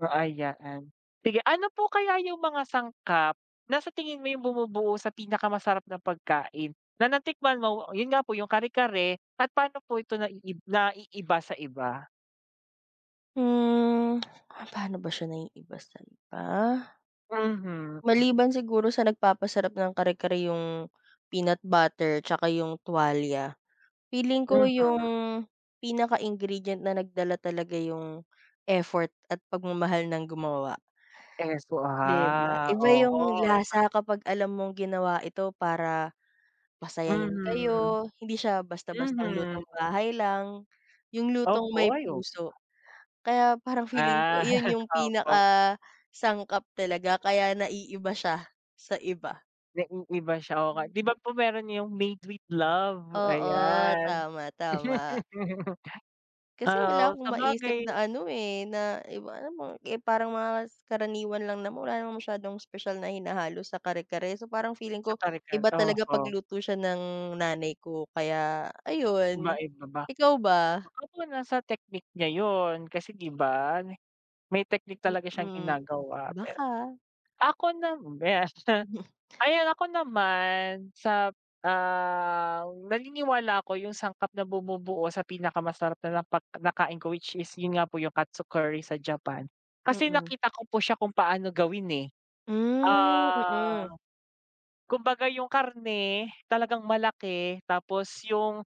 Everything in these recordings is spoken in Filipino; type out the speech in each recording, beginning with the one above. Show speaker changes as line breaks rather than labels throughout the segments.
So, ay yaan. Sige, ano po kaya yung mga sangkap na sa tingin mo yung bumubuo sa pinakamasarap na pagkain na natikman mo? Yun nga po yung kare-kare at paano po ito naiib naiiba sa iba?
Hmm, ah, paano ba siya naiiba sa iba?
Mhm.
Maliban siguro sa nagpapasarap ng kare-kare yung peanut butter tsaka yung tuwalya. Feeling ko yung
Mhm.
pinaka-ingredient na nagdala talaga yung effort at pagmamahal ng gumawa.
Eh, so,
'Di ba?
ha.
Iba yung
Oo, eh, pa
lasa kapag alam mong ginawa ito para pasayahin
Mhm,
kayo, hindi siya basta-bastang lutong
mhm.
bahay lang, yung lutong
Opo,
may
ay op
puso. Kaya parang feeling ko
Ah,
yun yung
opo.
pinakasangkap talaga, kaya naiiba siya sa iba.
Naiiba siya, oo nga. 'Di ba po meron yung made with love,
Oo,
ayan.
tama, tama. Kasi
Ah,
wala
oo
akong maisip
sabagay
na ano, eh, na iba alam mong eh, parang mga karaniwan lang naman, wala namang masyadong espesyal na hinahalo sa kare-kare. So, parang feeling
Sa
ko
kare-kare,
iba talaga
oho.
pag-luto siya ng nanay ko kaya ayun,
Kumain ka ba?
ikaw ba?
Baka po nasa technique niya yun. Kasi, 'di ba, may technique talaga siyang
Mm,
ginagawa per
baka.
ako nam ayan ako naman sap ah, naniniwala ako yung sangkap na bumubuo sa pinakamasarap na napag nakain ko which is yun nga po yung katsu curry sa Japan. Kasi
Mm.
nakita ko po siya kung paano gawin, eh.
Hmm,
Ah,
mm.
kumbaga yung karne talagang malaki tapos yung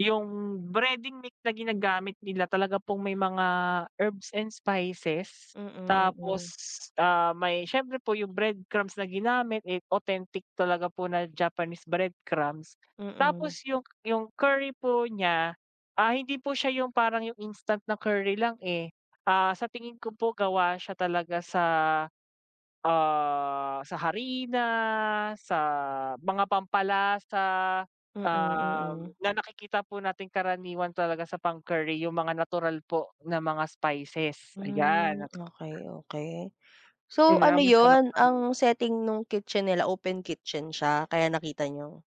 yung breading mix na ginagamit nila talaga pong may mga herbs and spices.
Mm,
Tapos,
mm.
ah, may siyempre po yung breadcrumbs na ginamit, eh, authentic talaga po na Japanese breadcrumbs.
Mm.
Tapos yung, yung curry po niya, ah, hindi po siya yung parang yung instant na curry lang, eh. Ah, sa tingin ko po gawa siya talaga sa, ah, sa harina, sa mga pampalasa,
Mm,
um,
mm.
na nakikita po nating karaniwan talaga sa pang-curry yung mga natural po na mga spices, ayan.
Hmm, okey, okey.
Hmm,
So,
nga
ano
masarap
yun
ano?
ang setting nung kitchen nila, open kitchen siya kaya nakita niyo?